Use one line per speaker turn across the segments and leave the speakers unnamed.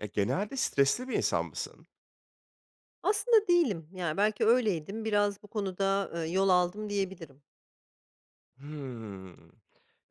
Eee, genelde stresli bir insan mısın?
Aslında değilim, yani belki öyleydim. Biraz bu konuda, eee, yol aldım diyebilirim.
Hımm.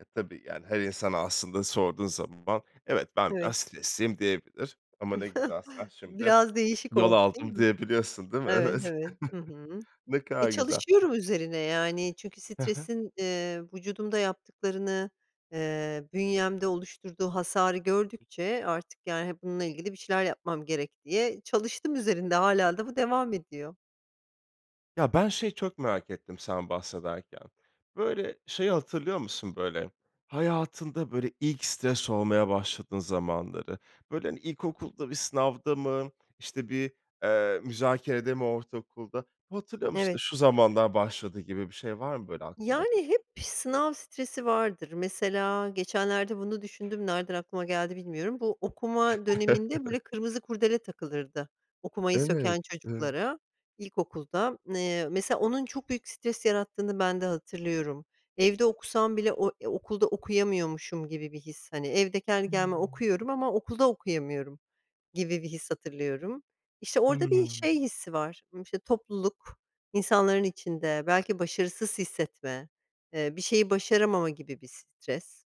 E, tabii yani her insana aslında sorduğun zaman: "Evet, ben
Evet.
biraz stresliyim." diyebilir ama ne güzel sen şimdi:
Biraz değişik
"Yol
oldu, değil
aldım."
mi?
diyebiliyorsun, değil mi?
Evet,
Evet.
evet. Hı hı.
Ne
E,
kadar güzel.
çalışıyorum üzerine, yani, çünkü
He he.
stresin, eee, vücudumda yaptıklarını, eee, bünyemde oluşturduğu hasarı gördükçe artık, yani, e, bununla ilgili bir şeyler yapmam gerek diye çalıştım üzerinde. Hâlâ da bu devam ediyor.
Ya, ben şeyi çok merak ettim sen bahsederken, böyle, şeyi hatırlıyor musun, böyle, hayatında böyle ilk stres olmaya başladığın zamanları? Böyle, hani, ilkokulda bir sınavda mı, işte bir, eee, müzakerede mi ortaokulda? Hatırlıyor musun, işte
Evet.
şu zamanlar başladı gibi bir şey var mı böyle aklında?
Yani, hep bir sınav stresi vardır. Mesela geçenlerde bunu düşündüm, nereden aklıma geldi bilmiyorum. Bu okuma döneminde böyle kırmızı kurdele takılırdı, okumayı
Evet.
söken
Eee
çocuklara ilkokulda. Eee, mesela onun çok büyük stres yarattığını bende hatırlıyorum. Evde okusam bile o, eee, okulda okuyamıyormuşum gibi bir his, hani, evde kendi
Hıı.
kendime okuyorum ama okulda okuyamıyorum gibi bir his hatırlıyorum. İşte orada
Hıı.
bir şey hissi var, işte, topluluk, insanların içinde belki başarısız hissetme, eee, bir şeyi başaramama gibi bir stres.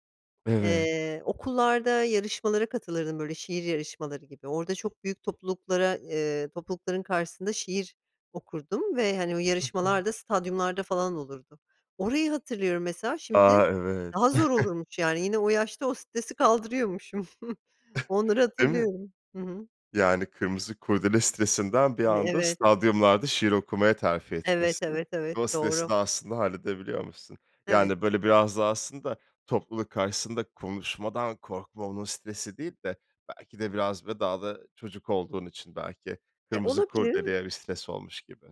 Evet.
Eee, okullarda yarışmalara katılırdım böyle şiir yarışmaları gibi. Orada çok büyük topluluklara eee, toplulukların karşısında şiir okurdum ve, hani, o
Hı hı.
yarışmalar da stadyumlarda falan olurdu. Orayı hatırlıyorum mesela, şimdi
A! Evet.
daha zor olurmuş yani yine o yaşta o stresi kaldırıyormuşum. Onları
Değil mi?
hatırlıyorum. Hı hı.
Yani, kırmızı kurdele stresinden bir
E
anda
evet.
stadyumlarda şiir okumaya terfi
Evet,
etmişsin
evet, evet,
ve o stresi
doğru.
de aslında halledebiliyormuşsun.
Evet.
Yani, böyle biraz da aslında topluluk karşısında konuşmadan korkma, onun stresi değil de belki de biraz ve daha da çocuk olduğun için belki
E,
kırmızı
olabilir.
kurdeleye bir stres olmuş gibi.